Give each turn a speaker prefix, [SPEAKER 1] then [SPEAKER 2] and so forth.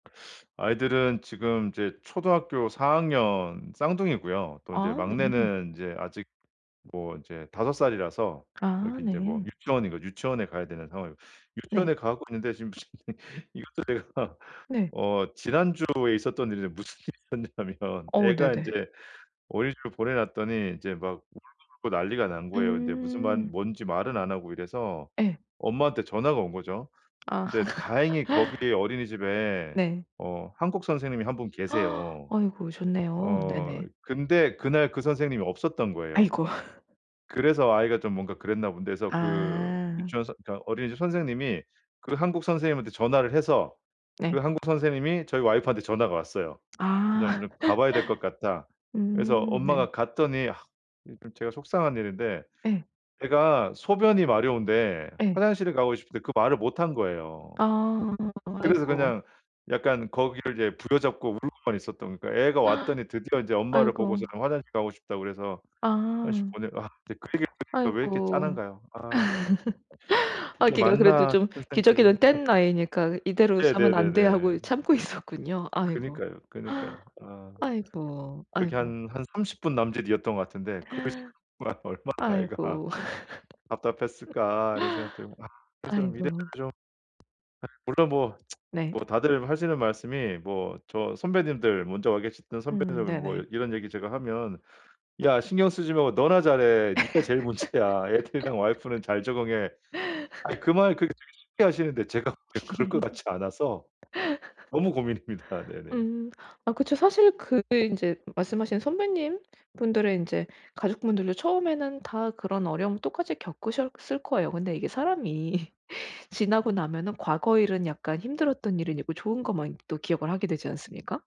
[SPEAKER 1] 아이들은 지금 인제 초등학교 4 학년 쌍둥이고요. 또 인제
[SPEAKER 2] 아 네.
[SPEAKER 1] 막내는 인제 아직 뭐 인제 5 살이라서
[SPEAKER 2] 아
[SPEAKER 1] 여기 인제 뭐
[SPEAKER 2] 네.
[SPEAKER 1] 유치원이고 유치원에 가야 되는 상황이고
[SPEAKER 2] 네.
[SPEAKER 1] 유치원에 가고 있는데 지금 이것도 제가
[SPEAKER 2] 네.
[SPEAKER 1] 어 지난주에 있었던 일인데 무슨 일이 있었냐면
[SPEAKER 2] 어
[SPEAKER 1] 애가
[SPEAKER 2] 네네.
[SPEAKER 1] 인제 어린이집을 보내 놨더니 이제 막 울고불고 난리가 난 거예요. 근데 무슨 말
[SPEAKER 2] 음.
[SPEAKER 1] 뭔지 말은 안 하고 이래서
[SPEAKER 2] 예.
[SPEAKER 1] 엄마한테 전화가 온 거죠.
[SPEAKER 2] 아.
[SPEAKER 1] 근데 다행히 거기 어린이집에
[SPEAKER 2] 네.
[SPEAKER 1] 어 한국 선생님이 한 분 계세요.
[SPEAKER 2] 아이고 좋네요.
[SPEAKER 1] 어
[SPEAKER 2] 네네.
[SPEAKER 1] 근데 그날 그 선생님이 없었던 거예요.
[SPEAKER 2] 아이고.
[SPEAKER 1] 그래서 아이가 좀 뭔가 그랬나 본데 그래서 그
[SPEAKER 2] 아.
[SPEAKER 1] 유치원 선 그러니까 어린이집 선생님이 그 한국 선생님한테 전화를 해서 그
[SPEAKER 2] 네.
[SPEAKER 1] 한국 선생님이 저희 와이프한테 전화가 왔어요.
[SPEAKER 2] 아.
[SPEAKER 1] "좀 좀 가봐야 될 것 같다." 그래서
[SPEAKER 2] 음 네.
[SPEAKER 1] 엄마가 갔더니 아 이 좀 제가 속상한 일인데
[SPEAKER 2] 예.
[SPEAKER 1] 애가 소변이 마려운데
[SPEAKER 2] 예.
[SPEAKER 1] 화장실을 가고 싶은데 그 말을 못 한 거예요.
[SPEAKER 2] 아
[SPEAKER 1] 그래서
[SPEAKER 2] 아이고.
[SPEAKER 1] 그냥 약간 거기를 이제 부여잡고 울고만 있었던 그니까 애가 왔더니 드디어 인제 엄마를
[SPEAKER 2] 아이고.
[SPEAKER 1] 보고서는 화장실 가고 싶다고 그래서 화장실
[SPEAKER 2] 아.
[SPEAKER 1] 보내 아 근데 그 얘기를 들으니까 왜 이렇게
[SPEAKER 2] 아이고
[SPEAKER 1] 짠한가요? 아 참. 이게
[SPEAKER 2] 아기가 그래도
[SPEAKER 1] 맞나
[SPEAKER 2] 좀
[SPEAKER 1] 싶은 생각이.
[SPEAKER 2] 기저귀는 뗀 나이니까 이대로 싸면 안 돼
[SPEAKER 1] 네네네네.
[SPEAKER 2] 하고 참고 있었군요. 아이고.
[SPEAKER 1] 그니까요, 그니까요. 아
[SPEAKER 2] 아이고
[SPEAKER 1] 그게
[SPEAKER 2] 아이고.
[SPEAKER 1] 한, 한 30 분 남짓이었던 것 같은데 '그 시간 동안 얼마나 애가
[SPEAKER 2] 아이고
[SPEAKER 1] 답답했을까.' 이런 생각 들고 아 그래서 이래저래
[SPEAKER 2] 아이고.
[SPEAKER 1] 좀 아 물론 뭐
[SPEAKER 2] 네.
[SPEAKER 1] 뭐 다들 하시는 말씀이 뭐 저 선배님들 먼저 와 계셨던
[SPEAKER 2] 음
[SPEAKER 1] 선배님들 뭐
[SPEAKER 2] 네네.
[SPEAKER 1] 이런 얘기 제가 하면 "야 신경 쓰지 말고 너나 잘해. 네가 제일 문제야. 애들이랑 와이프는 잘 적응해." 아이 그 말 그 되게 쉽게 하시는데 제가 보기에 그럴 것 같지 않아서 너무 고민입니다. 네네.
[SPEAKER 2] 음 아 그쵸. 사실 그게 인제 말씀하신 선배님분들의 인제 가족분들도 처음에는 다 그런 어려움을 똑같이 겪으셨을 거예요. 근데 이게 사람이 지나고 나면은 과거 일은 약간 힘들었던 일은 잊고 좋은 것만 또 기억을 하게 되지 않습니까?